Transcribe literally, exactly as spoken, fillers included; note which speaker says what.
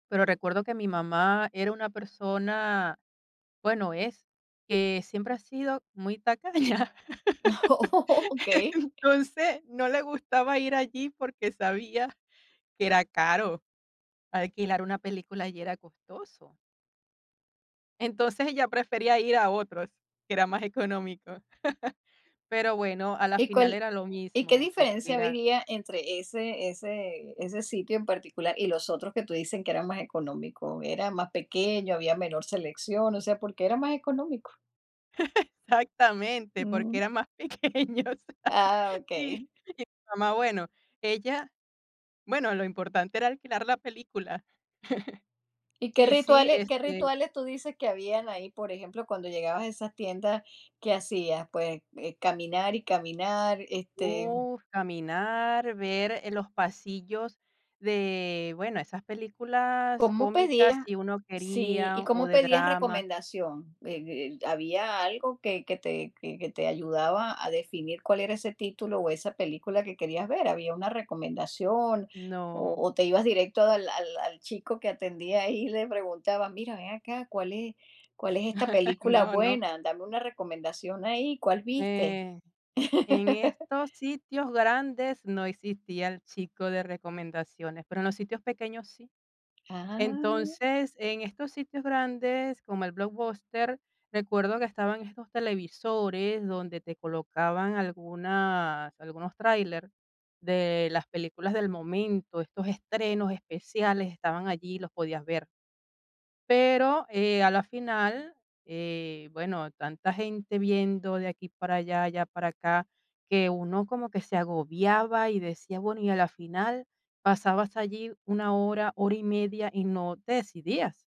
Speaker 1: Pero recuerdo que mi mamá era una persona bueno, es. Que siempre ha sido muy tacaña.
Speaker 2: Okey.
Speaker 1: Entonces, no le gustaba ir allí porque sabía que era caro alquilar una película allí era costoso. Entonces, ella prefería ir a otros, que era más económico. Pero bueno, a la
Speaker 2: ¿Y
Speaker 1: final
Speaker 2: cuál
Speaker 1: era lo
Speaker 2: y qué
Speaker 1: mismo, porque
Speaker 2: diferencia
Speaker 1: era
Speaker 2: había entre ese ese ese sitio en particular y los otros que tú dices que eran más económico? ¿Era más pequeño, había menor selección? O sea, ¿por qué era más económico?
Speaker 1: Exactamente, porque
Speaker 2: Mm.
Speaker 1: eran más pequeños,
Speaker 2: Ah,
Speaker 1: sí. Y
Speaker 2: okey.
Speaker 1: Mamá, bueno, ella bueno, lo importante era alquilar la película.
Speaker 2: ¿Y qué
Speaker 1: Y sí,
Speaker 2: rituales qué
Speaker 1: este
Speaker 2: rituales tú dices que habían ahí?, por ejemplo, cuando llegabas a esas tiendas, ¿qué hacías? Pues caminar y caminar, este
Speaker 1: uf, caminar, ver los pasillos de, bueno, esas películas
Speaker 2: ¿Cómo pedías?
Speaker 1: cómicas, si uno
Speaker 2: Sí,
Speaker 1: quería,
Speaker 2: ¿y
Speaker 1: o
Speaker 2: cómo
Speaker 1: de
Speaker 2: pedías
Speaker 1: drama.
Speaker 2: recomendación?, eh, ¿había algo que que te que que te ayudaba a definir cuál era ese título o esa película que querías ver? ¿Había una recomendación?, o
Speaker 1: No.
Speaker 2: o te ibas directo al al al chico que atendía ahí y le preguntabas: "Mira, ven acá, ¿cuál es cuál es esta película
Speaker 1: No, no.
Speaker 2: buena? Dame una recomendación ahí, ¿cuál viste?"
Speaker 1: En en estos sitios grandes no existía el chico de recomendaciones, pero en los sitios pequeños sí.
Speaker 2: Ah.
Speaker 1: Entonces, en estos sitios grandes, como el Blockbuster, recuerdo que estaban estos televisores donde te colocaban algunas algunos tráiler de las películas del momento, estos estrenos especiales estaban allí y los podías ver. Pero, eh, a la final, eh, bueno, tanta gente viendo de aquí para allá, allá para acá, que uno como que se agobiaba y decía, bueno, y a la final pasabas allí una hora, hora y media, y no te decidías.